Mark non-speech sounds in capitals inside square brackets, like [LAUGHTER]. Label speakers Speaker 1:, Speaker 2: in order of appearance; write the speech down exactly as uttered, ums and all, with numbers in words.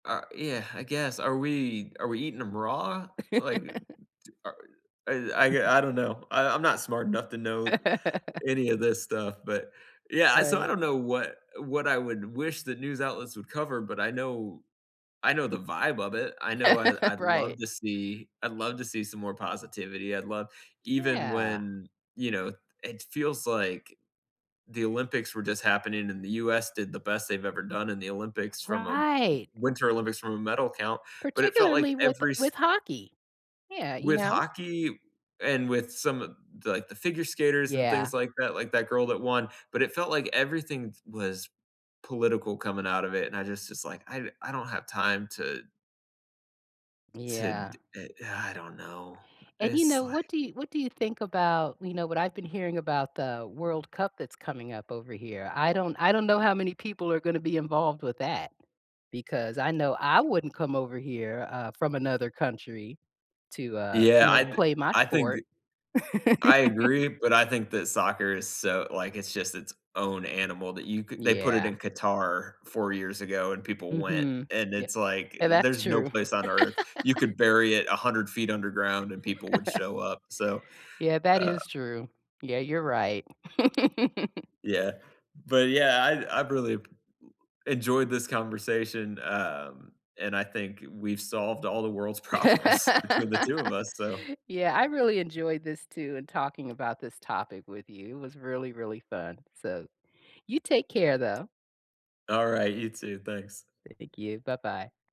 Speaker 1: Uh, yeah, [SIGHS] I guess. Are we are we eating 'em raw, like, uh,
Speaker 2: [LAUGHS]
Speaker 1: t are I I I don't know, I I'm not smart enough to know
Speaker 2: [LAUGHS]
Speaker 1: any of this stuff, but yeah, I so I
Speaker 2: Right.
Speaker 1: don't know what what I would wish that news outlets would cover, but I know I know the vibe of it, I know I
Speaker 2: [LAUGHS]
Speaker 1: I'd love
Speaker 2: Right.
Speaker 1: to see I'd love to see some more positivity, I'd love even
Speaker 2: Yeah.
Speaker 1: when, you know, th it feels like the Olympics were just happening, and the US did the best they've ever done in the Olympics from a W
Speaker 2: Right.
Speaker 1: winter Olympics from a medal count, but it felt like
Speaker 2: Particularly with
Speaker 1: every s
Speaker 2: with hockey. Yeah, you
Speaker 1: With
Speaker 2: know?
Speaker 1: hockey and with some of the, like, the figure skaters and
Speaker 2: Yeah.
Speaker 1: things like that, like that girl that won, but it felt like everything t was political coming out of it, and I just it's like, I I don't have time to
Speaker 2: D
Speaker 1: To
Speaker 2: yeah.
Speaker 1: d eh, [SIGHS] I don't know,
Speaker 2: And you
Speaker 1: it's
Speaker 2: know, what
Speaker 1: like
Speaker 2: do what do you think about, you know, what I've been hearing about the World Cup that's coming up over here, I don't I don't know how many people are gonna be involved with that because I know I wouldn't come over here, uh, from another country to, uh,
Speaker 1: Yeah,
Speaker 2: you know, to
Speaker 1: I
Speaker 2: play my
Speaker 1: I think g
Speaker 2: sport.
Speaker 1: I
Speaker 2: [LAUGHS]
Speaker 1: agree, but I think that soccer is so like, it's just its own animal that you could they put it
Speaker 2: Yeah.
Speaker 1: in Qatar four years ago, and people went,
Speaker 2: Mhm,
Speaker 1: and
Speaker 2: yeah
Speaker 1: it's like,
Speaker 2: and that's
Speaker 1: there's no
Speaker 2: true.
Speaker 1: place on earth, you
Speaker 2: [LAUGHS]
Speaker 1: could bury it a hundred feet underground, and people would
Speaker 2: [LAUGHS]
Speaker 1: show up, so,
Speaker 2: Yeah, that
Speaker 1: uh
Speaker 2: is true. Yeah, you're right. [LAUGHS]
Speaker 1: Yeah, but, yeah, I I've really ap eh, enjoyed this conversation, um, and I think we've solved all the world's
Speaker 2: [LAUGHS]
Speaker 1: problems between the two of us, so
Speaker 2: Yeah, I really enjoyed this too, and talking about this topic with you, it was really, really fun. So, you take care though.
Speaker 1: Alright, you too. Thanks.
Speaker 2: Thank you, bye-bye.